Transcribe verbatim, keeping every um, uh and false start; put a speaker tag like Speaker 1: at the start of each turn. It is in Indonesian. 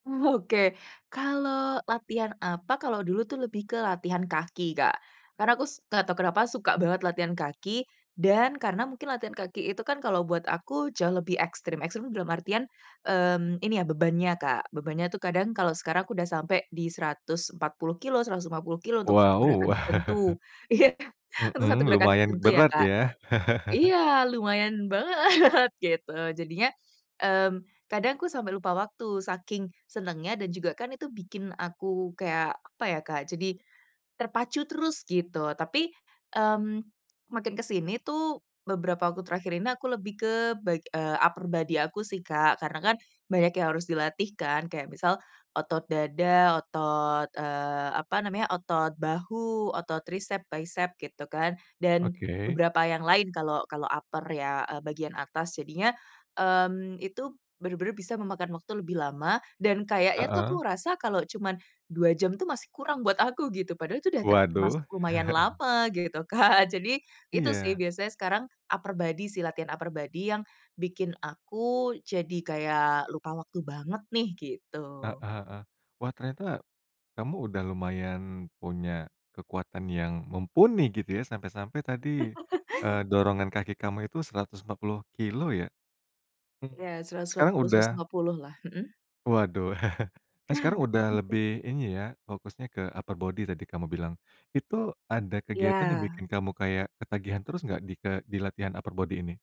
Speaker 1: Oke, kalau latihan apa, kalau dulu tuh lebih ke latihan kaki, Kak, karena aku s nggak tahu kenapa suka banget latihan kaki dan karena mungkin latihan kaki itu kan kalau buat aku jauh lebih ekstrim. Ekstrim tuh dalam artian, mmm, ini ya bebannya, Kak, bebannya tuh kadang kalau sekarang aku udah sampai di seratus empat puluh kilo, seratus lima puluh kilo, untuk satu gerakan
Speaker 2: Wow.
Speaker 1: tertentu. Iya, untuk
Speaker 2: Mhm,
Speaker 1: satu gerakan
Speaker 2: lumayan
Speaker 1: tertentu ya,
Speaker 2: berat
Speaker 1: Kak.
Speaker 2: ya.
Speaker 1: Iya, lumayan banget gitu jadinya, mmm, kadang aku sampai lupa waktu saking senengnya dan juga kan itu bikin aku kayak apa ya, Kak, jadi terpacu terus gitu tapi, mmm, makin ke sini tuh beberapa waktu terakhir ini aku lebih ke ba upper body aku sih, Kak. Karena kan banyak yang harus dilatih kan. Kayak misal otot dada, otot, eee, apa namanya, otot bahu, otot trisep, bisep gitu kan. Dan
Speaker 2: Oke.
Speaker 1: beberapa yang lain kalau kalau upper ya, eee, bagian atas. Jadinya, mmm, itu bener-bener bisa memakan waktu lebih lama dan kayaknya tuh aku
Speaker 2: Heeh.
Speaker 1: ngerasa kalau cuma dua jam tuh masih kurang buat aku gitu, padahal itu udah termasuk
Speaker 2: Waduh.
Speaker 1: lumayan lama gitu kan. Jadi itu sih
Speaker 2: Iya.
Speaker 1: biasanya sekarang upper body sih, latihan upper body yang bikin aku jadi kayak lupa waktu banget nih gitu.
Speaker 2: Heeh heeh, wah ternyata kamu udah lumayan punya kekuatan yang mumpuni gitu ya sampai-sampai tadi, eee, dorongan kaki kamu itu seratus empat puluh kilo ya? Mmm.
Speaker 1: Iya, seratus empat
Speaker 2: Sekarang
Speaker 1: puluh, seratus
Speaker 2: udah
Speaker 1: lima puluh lah, mhm?
Speaker 2: Waduh, sekarang udah lebih ini ya, fokusnya ke upper body tadi kamu bilang, itu ada kegiatan yang
Speaker 1: Iya.
Speaker 2: bikin kamu kayak ketagihan terus nggak di ke dilatihan upper body ini?